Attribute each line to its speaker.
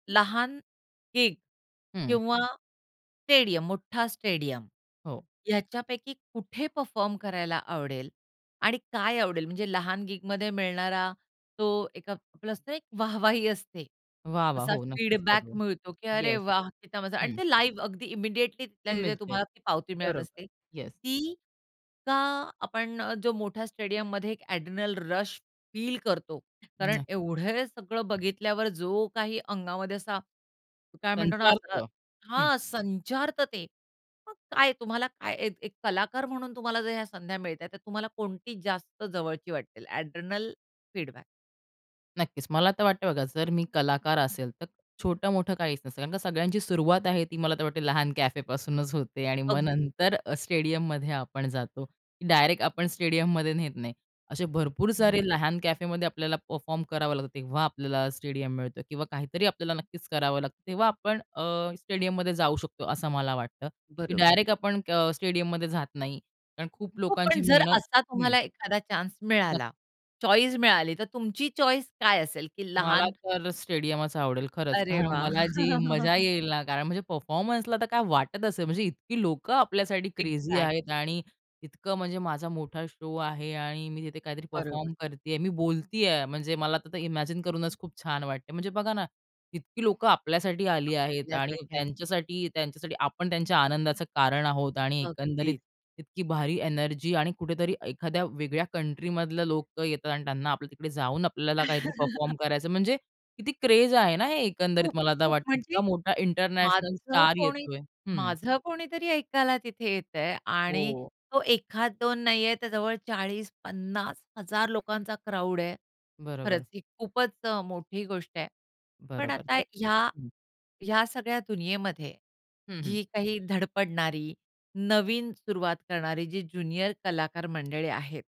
Speaker 1: लहान गिग
Speaker 2: हं.
Speaker 1: किंवा स्टेडियम, मोठा स्टेडियम
Speaker 2: हो.
Speaker 1: याच्यापैकी कुठे परफॉर्म करायला आवडेल? आणि काय आवडेल? म्हणजे लहान गिगमध्ये मिळणारा तो एक असते एक वाह-वाही असते.
Speaker 2: वाह वाह!
Speaker 1: असा
Speaker 2: हो नक्कीच
Speaker 1: फीडबॅक
Speaker 2: करू.
Speaker 1: मिळतो, की अरे
Speaker 2: येस.
Speaker 1: वाह! किती मजा आणि
Speaker 2: हं.
Speaker 1: ते लाईव्ह अगदी इमिडिएटली तिथल्या तिथे
Speaker 2: इमिडिएट.
Speaker 1: तुम्हाला ती पावती मिळत
Speaker 2: बरोबर.
Speaker 1: असते.
Speaker 2: येस.
Speaker 1: ती का आपण अ, जो मोठ्या स्टेडियममध्ये एक एड्रेनल रश फील करतो, कारण
Speaker 2: नाही.
Speaker 1: एवढे सगळं बघितल्यावर जो काही अंगामध्ये असा काय म्हणतो ना, असा
Speaker 2: संचारतं. हं.
Speaker 1: हां संचारतं ते. मग काय तुम्हाला काय एक, एक कलाकार म्हणून तुम्हाला जर या संध्या मिळत आहे. तर तुम्हाला कोणती जास्त जवळची वाटेल एड्रेनल फीडबॅक?
Speaker 2: नक्कीच. मला तर वाटतं बघा जर मी कलाकार असेल, तर छोटं-मोठं काहीच नसतं. कारण का सगळ्यांची सुरुवात आहे ती मला तर वाटते लहान कॅफेपासूनच होते आणि मग
Speaker 1: अगदी.
Speaker 2: नंतर अ, स्टेडियममध्ये आपण जातो की डायरेक्ट आपण स्टेडियममध्ये नेत नाही. असे भरपूर सारे
Speaker 1: हं.
Speaker 2: लहान कॅफेमध्ये आपल्याला परफॉर्म करावं लागतं. तेव्हा आपल्याला स्टेडियम मिळतं किंवा काहीतरी आपल्याला नक्कीच करावं लागतं. तेव्हा आपण अ, स्टेडियममध्ये जाऊ शकतो, असं मला वाटतं. की
Speaker 1: बरोबर.
Speaker 2: डायरेक्ट आपण अ, स्टेडियममध्ये जात नाही, कारण खूप
Speaker 1: हो.
Speaker 2: लोकांची
Speaker 1: पण जर
Speaker 2: मेहनत
Speaker 1: असा
Speaker 2: हं.
Speaker 1: तुम्हाला एखादा चान्स
Speaker 2: [unintelligible]
Speaker 1: मिळाला, चॉईस मिळाली. तर तुमची चॉईस काय असेल की
Speaker 2: मला
Speaker 1: लहान
Speaker 2: तर स्टेडियमचं आवडेल. खरंच,
Speaker 1: अरे
Speaker 2: कारण
Speaker 1: वाह!
Speaker 2: मला जी मजा येईल ना, कारण म्हणजे परफॉर्मन्सला तर काय वाटत असेल, म्हणजे इतकी लोकं आपल्यासाठी क्रेझी आहेत.
Speaker 1: एक्झॅक्टली.
Speaker 2: आणि इतकं म्हणजे माझा मोठा शो आहे आणि मी तिथे काहीतरी
Speaker 1: बरोबर.
Speaker 2: परफॉर्म करतेयं, आहे. मी बोलतेयं. म्हणजे मला आता तर ते इमॅजिन करूनच खूप छान वाटते. म्हणजे बघा ना, इतकी लोकं आपल्यासाठी आली आहेत आणि
Speaker 1: [unintelligible]
Speaker 2: त्यांच्यासाठी त्यांच्यासाठी आपण त्यांच्या आनंदाचं कारण आहोत. आणि एकंदरीत
Speaker 1: अगदी.
Speaker 2: इतकी भारी एनर्जी आणि कुठेतरी एखाद्या वेगळ्या कंट्रीमधले लोकं येतात आणि त्यांना आपल्या तिकडे जाऊन, आपल्याला काहीतरी परफॉर्म करायचं म्हणजे किती क्रेझ आहे ना हे एकंदरीत, मला आता
Speaker 1: खूप-खूप
Speaker 2: वाटतं
Speaker 1: म्हणजे,
Speaker 2: इतका मोठा इंटरनॅशनल
Speaker 1: माझं
Speaker 2: स्टार
Speaker 1: कोणी
Speaker 2: येतोय. हं.
Speaker 1: माझं कोणीतरी ऐकायला तिथे येत आहे आणि
Speaker 2: हो.
Speaker 1: तो एखाद दोन नाही आहे त्या जवळ 40-50 हजार लोकांचा क्राउड आहे. खरंच
Speaker 2: बरोबर.
Speaker 1: ही खूपच अ, मोठी गोष्ट आहे. पण
Speaker 2: बरोबर
Speaker 1: आता ह्या
Speaker 2: हं.
Speaker 1: ह्या सगळ्या दुनियेमध्ये
Speaker 2: हं हं.
Speaker 1: जी काही धडपडणारी नवीन सुरुवात करणारी जी ज्युनियर कलाकार मंडळी आहेत.